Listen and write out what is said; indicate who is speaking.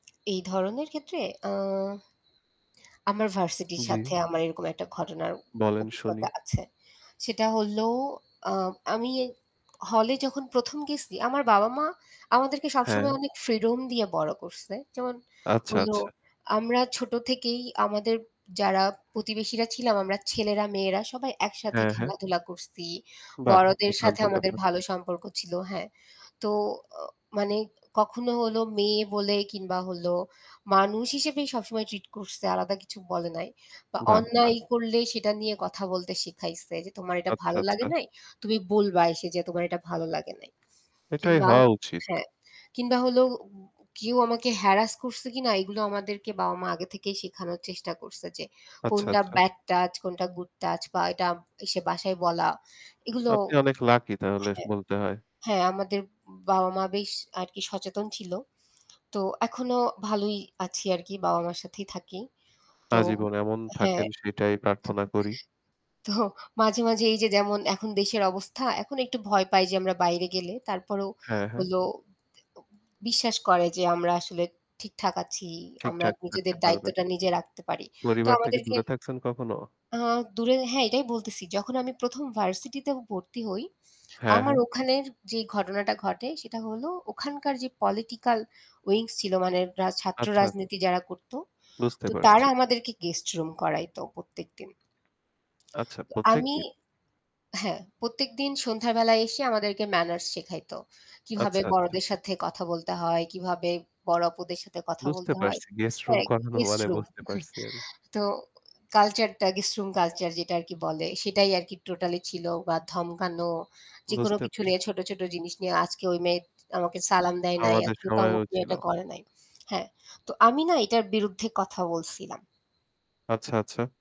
Speaker 1: এই ধরনের ক্ষেত্রে আ আমার ভার্সিটির
Speaker 2: জ্বি।
Speaker 1: সাথে আমার এরকম একটা ঘটনার
Speaker 2: বলেন শুনি।
Speaker 1: অভিজ্ঞতা আছে। সেটা হল, আ আমি হলে যখন ১ম গেছি আমার বাবা-মা আমাদেরকে সবসময়
Speaker 2: হ্যাঁ।
Speaker 1: অনেক ফ্রিডম দিয়ে বড়ো করছে। যেমন
Speaker 2: আচ্ছা,
Speaker 1: হইল
Speaker 2: আচ্ছা।
Speaker 1: আমরা ছোটো থেকেই আমাদের যারা প্রতিবেশীরা ছিলাম আমরা ছেলেরা-মেয়েরা সবাই একসাথে
Speaker 2: হ্যাঁ, হ্যাঁ।
Speaker 1: খেলাধুলা করছি,
Speaker 2: বাহ!
Speaker 1: বড়দের সাথে
Speaker 2: দুর্দান্ত
Speaker 1: আমাদের
Speaker 2: ব্যাপার।
Speaker 1: ভালো সম্পর্ক ছিল। হ্যাঁ। তো অ মানে কখনো হলো মেয়ে বলে কিংবা হল মানুষ হিসেবেই সবসময় ট্রিট করছে আলাদা কিছু বলে নাই। বা
Speaker 2: বাহ! বাহ!
Speaker 1: অন্যায় করলে সেটা নিয়ে কথা বলতে শিখাইছে যে, "তোমার এটা
Speaker 2: আচ্ছা,
Speaker 1: ভালো লাগে
Speaker 2: আচ্ছা।
Speaker 1: নাই। তুমি বলবা এসে যে তোমার এটা ভালো লাগে নাই।"
Speaker 2: এটাই
Speaker 1: কিংবা
Speaker 2: হওয়া উচিত।
Speaker 1: হ্যাঁ। কিংবা হল উব কেউ আমাকে হ্যারাস করছে কিনা এগুলো আমাদেরকে বাবা-মা আগে থেকেই শেখানোর চেষ্টা করছে যে
Speaker 2: আচ্ছা,
Speaker 1: কোনটা
Speaker 2: আচ্ছা।
Speaker 1: ব্যাড টাচ কোনটা গুড টাচ বা এটা এসে বাসায় বলা এগুলো
Speaker 2: আপনি অনেক লাকি তাহলে
Speaker 1: হ্যাঁ,
Speaker 2: বলতে হয়।
Speaker 1: হ্যাঁ। আমাদের বাবা-মা বেশ আরকি সচেতন ছিল। তো এখনও ভালোই আছি আরকি বাবা-মার সাথেই থাকি, তো
Speaker 2: আজীবন এমন থাকেন
Speaker 1: হ্যাঁ,
Speaker 2: সেটাই প্রার্থনা করি।
Speaker 1: তো মাঝে, মাঝে এইযে যেমন এখন দেশের অবস্থা এখন একটু ভয় পাই যে আমরা বাইরে গেলে তারপরেও
Speaker 2: হ্যাঁ, হ্যাঁ।
Speaker 1: হল এ বিশ্বাস করে যে আমরা আসলে ঠিকঠাক আছি। আমরা
Speaker 2: ঠিকঠাক থাকতে
Speaker 1: নিজেদের
Speaker 2: পারবেন।
Speaker 1: দায়িত্বটা নিজে রাখতে পারি। তো
Speaker 2: পরিবার থেকে
Speaker 1: আমাদেরকে
Speaker 2: দূরে থাকছেন কখনো?
Speaker 1: আ দূরে হ্যাঁ এটাই বলতেছি যখন আমি ১ম ভার্সিটিতে ভর্তি হই,
Speaker 2: হ্যাঁ,
Speaker 1: আমার
Speaker 2: হ্যাঁ।
Speaker 1: ওখানের যে ঘটনাটা ঘটে সেটা হল, ওখানকার যে পলিটিক্যাল উইংস ছিল মানে রা ছাত্র
Speaker 2: আচ্ছা, আচ্ছা।
Speaker 1: রাজনীতি যারা করতো।
Speaker 2: বুঝতে
Speaker 1: তো তারা
Speaker 2: পারছি।
Speaker 1: আমাদেরকে গেস্ট রুম করাইত প্রত্যেকদিন।
Speaker 2: আচ্ছা,
Speaker 1: তো
Speaker 2: প্রত্যেক
Speaker 1: আমি
Speaker 2: দিন?
Speaker 1: হ্যাঁ, প্রত্যেকদিন সন্ধ্যার বেলায় এসে আমাদেরকে ম্যানার্স শেখাইত। কীভাবে
Speaker 2: আচ্ছা, আচ্ছা।
Speaker 1: বড়দের সাথে কথা বলতে হয়, কিভাবে বড় অপুদের সাথে কথা
Speaker 2: বুঝতে
Speaker 1: বলতে হয়।
Speaker 2: পারছি। গেস্ট রুম
Speaker 1: হ্যাঁ,
Speaker 2: করানো
Speaker 1: গেস্ট
Speaker 2: মানে
Speaker 1: রুম।
Speaker 2: বুঝতে পারছি আমি।
Speaker 1: তো কালচারটা গেস্ট রুম কালচার যেটা আরকি বলে সেটাই আরকি টোটালি ছিল বা ধমকানো যেকোনো
Speaker 2: বুঝতে
Speaker 1: কিছু
Speaker 2: পারছি।
Speaker 1: নিয়ে ছোট, ছোট জিনিস নিয়ে আজকে ওই মেয়ে আমাকে
Speaker 2: টি
Speaker 1: সালাম দেয় নাই।
Speaker 2: আমাদের
Speaker 1: আজকে তো
Speaker 2: সময়ও
Speaker 1: আমাকে
Speaker 2: ছিল।
Speaker 1: এটা করে নাই। হ্যাঁ, তো আমি না এটার বিরুদ্ধে কথা বলছিলাম।
Speaker 2: আচ্ছা, আচ্ছা।